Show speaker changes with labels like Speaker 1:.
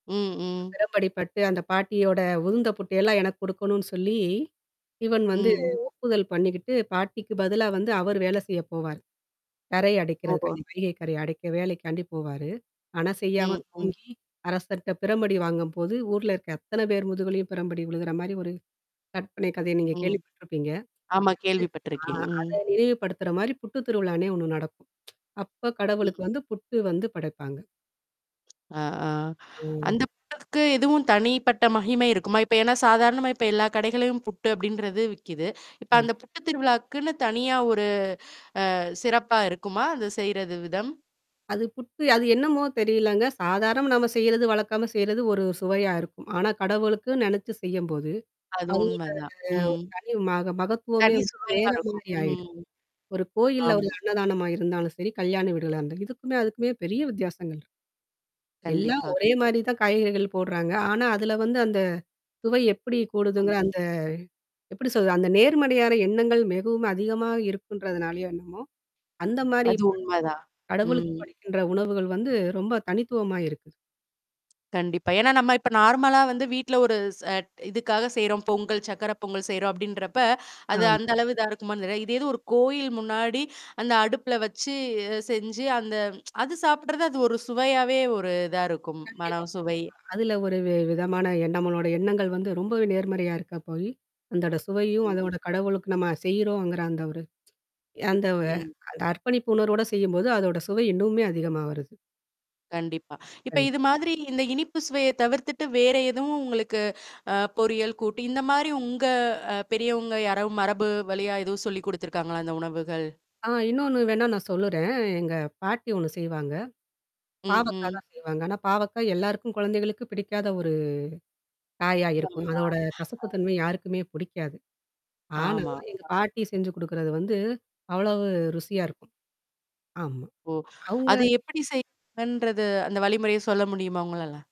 Speaker 1: ம், ம்.
Speaker 2: பெரம்படிப்பட்டு அந்த பாட்டியோட உதுந்த புட்டையெல்லாம் எனக்கு குடுக்கணும்னு சொல்லி, இவன் வந்து
Speaker 1: ம்.
Speaker 2: ஒப்புதல் பண்ணீக்கிட்டு, பாட்டிக்கு பதிலா வந்து அவரு வேலை செய்ய போவாரு. கரை
Speaker 1: ஓ.
Speaker 2: அடைக்கிறதுக்காய் வைகை கரைய அடைக்க வேலைக்காண்டி போவாரு. அனா செய்யாம
Speaker 1: ம், ம்.
Speaker 2: தூங்கி அரசர்ட்ட பிரம்படி வாங்கும்போது, ஊர்ல இருக்க அத்தன பேர் முதுகுலியும் பெரம்படி உழுகுற மாரி ஒரு கற்பனை கதைய நீங்க
Speaker 1: ம்.
Speaker 2: கேள்விப்பட்டுருப்பீங்க.
Speaker 1: ஆமா
Speaker 2: [unintelligible] ம்.
Speaker 1: கேள்விப்பட்டுருக்கேன்.
Speaker 2: ஆ அத
Speaker 1: ம்.
Speaker 2: நினைவுபடுத்துற மாரி புட்டு திருவிழான்னே ஒண்ணு நடக்கும். அப்ப கடவுளுக்கு
Speaker 1: ம்.
Speaker 2: வந்து புட்டு வந்து படைப்பாங்க.
Speaker 1: ஆ, ஆ
Speaker 2: ம்.
Speaker 1: அந்த புட்டுக்கு எதுவும் தனிப்பட்ட மகிமை இருக்குமா? இப்ப ஏன்னா சாதாரணமா இப்ப எல்லா கடைகள்ளையும் புட்டு அப்படின்றது விக்குது. இப்ப அந்த
Speaker 2: [unintelligible]
Speaker 1: புட்டு திருவிழாக்குன்னு தனியா ஒரு அ சிறப்பா இருக்குமா? அந்த செய்றது, விதம்?
Speaker 2: அது புட்டு அது என்னமோ தெரியலங்க. சாதாரணமா நம்ம செய்றது வழக்கமா செய்றது ஒரு சுவையா இருக்கும். ஆனா கடவுளுக்கு நெனச்சு செய்யும்போது,
Speaker 1: அது
Speaker 2: அதோட ஒரு
Speaker 1: உண்மைதான். ம்.
Speaker 2: தனி மக மகத்துவமே
Speaker 1: தனி
Speaker 2: வந்துட்டு
Speaker 1: சுவையா
Speaker 2: வேற
Speaker 1: இருக்கும்.
Speaker 2: மாரி ஆயிடும்.
Speaker 1: ம்.
Speaker 2: ஒரு கோயில்ல, ஒரு
Speaker 1: ஆமா.
Speaker 2: அன்னதானமா இருந்தாலும் சரி, கல்யாண வீடுகள்னா இருந்து இதுக்குமே, அதுக்குமே பெரிய வித்தியாசங்கள் இரு எல்லாம்
Speaker 1: கண்டிப்பா
Speaker 2: ஒரே
Speaker 1: க
Speaker 2: மாரி தான் காய்கறிகள் போடுறாங்க. ஆனா, அதில வந்து அந்த சுவை எப்படி
Speaker 1: அ.
Speaker 2: கூடுதுங்கிற அந்த எப்படி சொல்றது? அந்த நேர்மறையான எண்ணங்கள் மிகவும் அதிகமா இருக்குன்றதுனாலயோ என்னமோ? அந்த மாரி
Speaker 1: அது
Speaker 2: ப
Speaker 1: உண்மதான். ம்.
Speaker 2: கடவுளுக்கு படைக்கின்ற உணவுகள் வந்து, ரொம்ப தனித்துவமா இருக்குது.
Speaker 1: கண்டிப்பா. ஏன்னா, நம்ம இப்ப நார்மலா வந்து, வீட்ல ஒரு ச இதுக்காக செய்றோம் பொங்கல், சர்கக்கரை பொங்கல் செய்றோம் அப்படின்றப்ப, அது,
Speaker 2: ஆமா.
Speaker 1: அந்த அளவு இதா இருக்குமான்னு தெரில. இதே இது ஒரு கோயில் முன்னாடி அந்த அடுப்புல வச்சு செஞ்சு அந்த அது சாப்படுறது அது ஒரு சுவையாவே ஒரு இதா இருக்கும்.
Speaker 2: கண்டிப்பா,
Speaker 1: மனம், சுவை
Speaker 2: கண்டிப்பாங்க. அதுல ஒரு வி விதமான எண் நம்மளோட எண்ணங்கள் வந்து ரொம்பவே நேர்மறையா இருக்க போயி. அந்தோட சுவையும்,
Speaker 1: ம்.
Speaker 2: அதோட கடவுளுக்கு நம்ம செய்றோம்ங்குறா அந்த ஒரு ய அந்த வ
Speaker 1: ம்.
Speaker 2: அந்த அர்ப்பணிப்பு உணர்வோட செய்யும்போது, அதோட சுவை இன்னுமே அதிகமா வருது.
Speaker 1: கண்டிப்பா. இப்ப
Speaker 2: கண்
Speaker 1: இது மாதிரி இந்த இனிப்பு சுவைய தவிர்த்துட்டு வேற எதுவும் உங்களுக்கு அ பொறியல் கூட்டு, இந்த மாரி உங்க அ பெரியவங்க யாராவது மரபு வழியா எதுவும் சொல்லிக் குடுத்துருக்காங்களா? இந்த உணவுகள்?
Speaker 2: ஆ இன்னொன்னு வேணா நான் சொல்லுறேன். எங்க பாட்டி ஒண்ணு செய்வாங்க.
Speaker 1: ம்,
Speaker 2: பாவக்கா
Speaker 1: ம்.
Speaker 2: தான் செய்வாங்க. ஆனா பாவக்கா எல்லாருக்கும் கொழந்தைகளுக்கு பிடிக்காத ஒரு காயா
Speaker 1: [unintelligible]
Speaker 2: இருக்கும். அதோட
Speaker 1: அ
Speaker 2: கசப்பு தன்மை யாருக்குமே பிடிக்காது. ஆனா
Speaker 1: ஆமா
Speaker 2: எங்க
Speaker 1: ஆ.
Speaker 2: பாட்டி செஞ்சு குடுக்குறது வந்து அவ்வளவு ருசியா இருக்கும். ஆமா.
Speaker 1: ஓ! அது
Speaker 2: அவுங்க
Speaker 1: எப்படி செய்றதுன்றது அந்த வழிமுறைய சொல்ல முடியுமா? உங்களால?